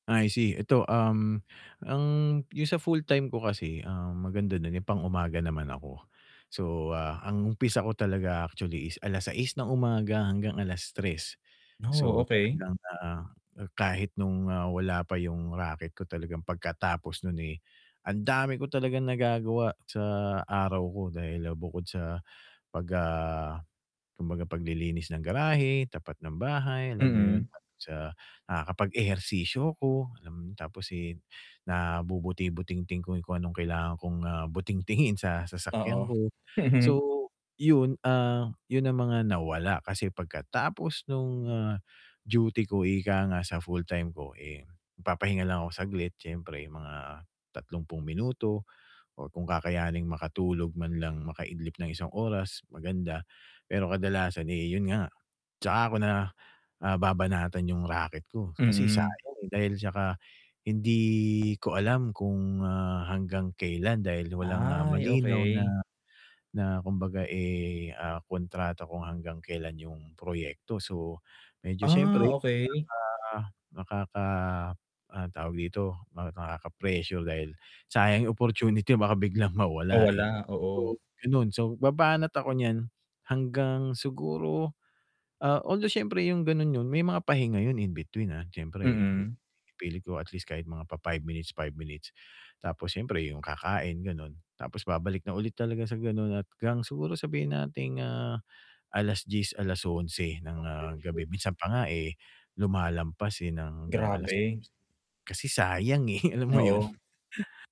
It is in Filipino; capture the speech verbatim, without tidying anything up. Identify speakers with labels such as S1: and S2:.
S1: I see. 'Eto, um, ang yung sa full-time ko kasi, um, maganda do'n yung pang-umaga naman ako. So, ah, ang umpisa ko talaga actually is alas-sais ng umaga hanggang alas-tres.
S2: Oh,
S1: So,
S2: okey.
S1: talagang, ah, kahit nung, ah, wala pa yung raket ko talagang pagkatapos nun, eh, ang dami ko talagang nagagawa sa araw ko. Dahil bukod sa pag, ah, kumbaga paglilinis ng garahe, tapat ng bahay, alam mo yun.
S2: Mm.
S1: So, nakakapag-ehersisyo ako, alam mo tapos, eh, nabubuti-butingting ko kung anong kailangan kong, ah, butingtingin sa sasakyan
S2: Oo.
S1: ko. So, yun, ah, yun ang mga nawala kasi pagkatapos nung, ah, duty ko ika nga sa full-time ko, eh, magpapahinga lang ako saglit siyempre, mga tatlumpung minuto o kung kakayanin makatulog man lang, makaidlip ng isang oras maganda. Pero kadalasan, eh, yun nga, 'tsaka 'ko na, ah, babanatan yung raket ko kasi
S2: Mm.
S1: sayang, eh, dahil 'tsaka hindi ko alam kung, ah, hanggang kailan dahil walang, ah,
S2: Ay,
S1: malinaw na
S2: okey.
S1: na kumbaga, eh, ah, kontrata kung hanggang kelan yung proyekto. So, medyo
S2: Ah,
S1: siyempre,
S2: okey.
S1: ah, nakaka ah, tawag dito, nakaka-pressure dahil sayang opportunity baka biglang
S2: Oh,
S1: mawala, eh.
S2: wala, oo.
S1: So, ganun. So, babanat ako niyan hanggang siguro, ah, although siyempre yung gano'n nun, may mga pahinga yun in between, ah. Siyempre
S2: Mm.
S1: ipilit ko at least kahit mga pa-five minutes, five minutes tapos siyempre yung kakain gano'n tapos babalik na ulit talaga sa ganun at 'gang siguro sabihin nating, ah, alas-dyes, alas-onse ng, ah, gabi. Minsan pa nga eh, lumalampas, eh, ng hanggang alas [unintelligible]
S2: Grabe.
S1: kasi sayang, eh, alam mo yun.
S2: Oo.